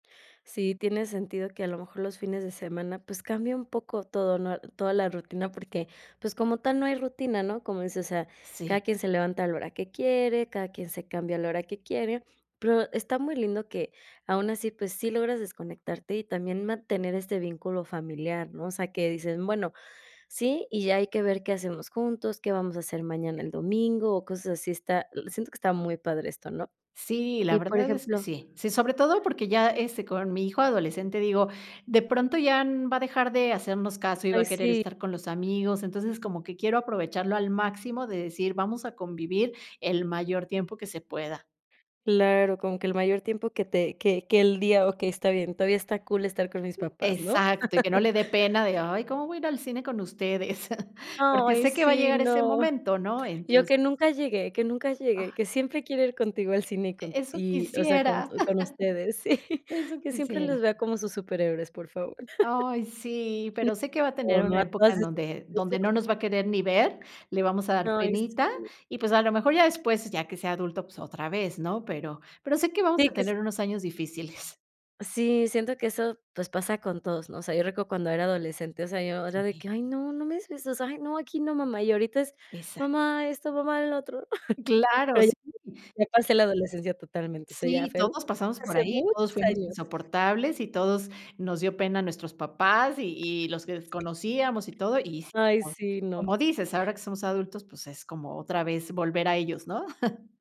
Sí, tiene sentido que, a lo mejor, los fines de semana, pues cambie un poco todo, ¿no? Toda la rutina, porque, pues, como tal, no hay rutina, ¿no? Como dices, o sea, Sí. cada quien se levanta a la hora que quiere, cada quien se cambia a la hora que quiere, pero está muy lindo que, aun así, pues sí logras desconectarte y también mantener este vínculo familiar, ¿no? O sea, que dicen, bueno, sí, y ya hay que ver qué hacemos juntos, qué vamos a hacer mañana el domingo o cosas así. Está l siento que está muy padre esto, ¿no? Sí, la Y, por verdad es que ejemplo sí. Sí, sobre todo porque ya, este, con mi hijo adolescente, digo, de pronto ya, mm, va a dejar de hacernos caso y va Ay a querer sí. estar con los amigos. Entonces, como que quiero aprovecharlo al máximo, de decir vamos a convivir el mayor tiempo que se pueda. Claro, con que el mayor tiempo que te que que el día, okey, está bien, todavía está cool estar con mis papás, ¿no? Exacto, y que no le dé pena de: "Ay, ¿cómo voy a ir al cine con ustedes?". Porque ¡Ay sé que va a sí! llegar ese no. momento, ¿no? Yo, que Entonces nunca llegue, que nunca llegue, Ah. que siempre quiera ir contigo al cine y E con eso y, o sea, con quisiera, tu con ustedes, sí, eso que siempre quisiera. los vea como sus superhéroes, por favor. Ay, sí, pero sé que va a tener una época en donde donde no nos va a [unintelligible] querer ni ver, le vamos a dar Ay, penita, sí. y pues, a lo mejor, ya después, ya que sea adulto, pues otra vez, ¿no? Pero pero sé que vamos Sí, a que s tener unos años difíciles. Sí, siento que eso, pues, pasa con todos, ¿no? O sea, yo recuerdo cuando era adolescente, o sea, yo era de Sí. que: "Ay, no, no me digas eso. O sea, ay, no, aquí no, mamá", y ahorita es: Exac "Mamá, esto, mamá, lo otro". Claro, Pero ya sí. [unintelligible] ya pasé la adolescencia totalmente. O sea, ya Sí, fue todos pasamos por hace ahí, muchos todos fuimos años. insoportables y todos nos dio pena nuestros papás y y los [unintelligible] desconocíamos y todo. Y, Ay, [unintelligible] sí, no. como dices, ahora que somos adultos, pues es como otra vez volver a ellos, ¿no?